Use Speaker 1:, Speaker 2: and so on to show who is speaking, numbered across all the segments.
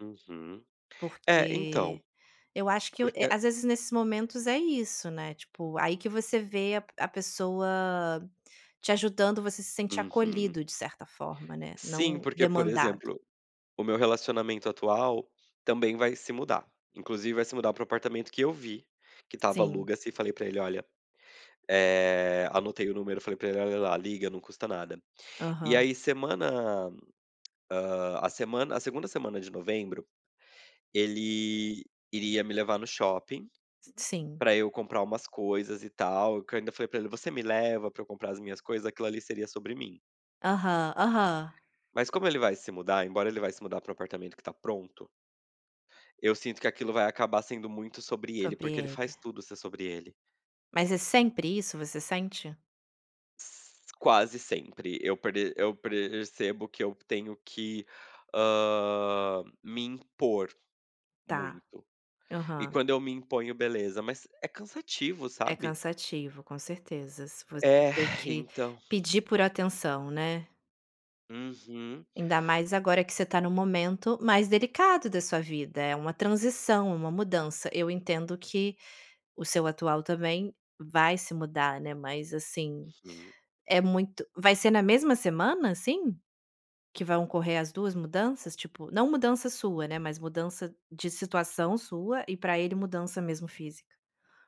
Speaker 1: Uhum. É, então,
Speaker 2: Porque eu acho que eu
Speaker 1: porque
Speaker 2: eh,
Speaker 1: a
Speaker 2: às vezes nesses momentos, é isso, né, tipo, aí que você vê a p a pessoa te ajudando, você se sente
Speaker 1: Uhum.
Speaker 2: acolhido, de certa forma, né,
Speaker 1: Sim,
Speaker 2: não
Speaker 1: porque, por
Speaker 2: demandado.
Speaker 1: exemplo, o meu relacionamento atual também vai se mudar. Inclusive vai se mudar para o apartamento que eu vi, que estava
Speaker 2: Sim.
Speaker 1: "aluga-se" e falei para ele: "Olha, eh" anotei o número, falei para ele: "Olha lá, liga, não custa nada". E
Speaker 2: Aham.
Speaker 1: aí semana, hã, a semana a 2ª semana de novembro, ele iria me levar no shopping
Speaker 2: S sim.
Speaker 1: para eu comprar umas coisas e tal, que eu ainda falei para ele: "Você me leva para eu comprar as minhas coisas?", aquilo ali seria sobre mim.
Speaker 2: Aham, aham.
Speaker 1: Mas como ele vai se mudar, embora ele vai se mudar para o apartamento que tá pronto eu sinto que aquilo vai acabar sendo muito sobre ele,
Speaker 2: Sobre
Speaker 1: porque ele
Speaker 2: ele.
Speaker 1: faz tudo ser sobre ele.
Speaker 2: Mas é sempre isso, você sente?
Speaker 1: S quase sempre, eu pre eu percebo que eu tenho que, hã, me impor
Speaker 2: Está,
Speaker 1: muito. E
Speaker 2: aham.
Speaker 1: quando eu me imponho, beleza, mas é cansativo,
Speaker 2: É
Speaker 1: sabe?
Speaker 2: cansativo, com certeza. Se você
Speaker 1: É,
Speaker 2: ter que
Speaker 1: então.
Speaker 2: pedir por atenção, né.
Speaker 1: Uhum.
Speaker 2: Ainda mais agora que você está em um momento mais delicado da sua vida, é uma transição, é uma mudança, eu entendo que o seu atual também vai se mudar, né, mas assim,
Speaker 1: Uhum.
Speaker 2: é muito vai ser na mesma semana, assim? Que vão ocorrer as 2 mudanças, tipo, não mudança sua, né, mas mudança de situação sua e para ele mudança mesmo física.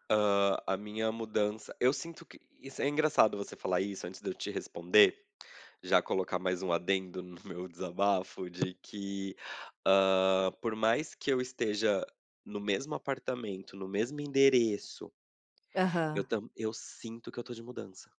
Speaker 1: Hã, a minha mudança, eu sinto que isso é engraçado você falar isso, antes de eu te responder, já colocar mais um adendo no meu desabafo de que, hã, por mais que eu esteja no mesmo apartamento, no mesmo endereço eu
Speaker 2: Aham.
Speaker 1: tam eu sinto que eu estou de mudança.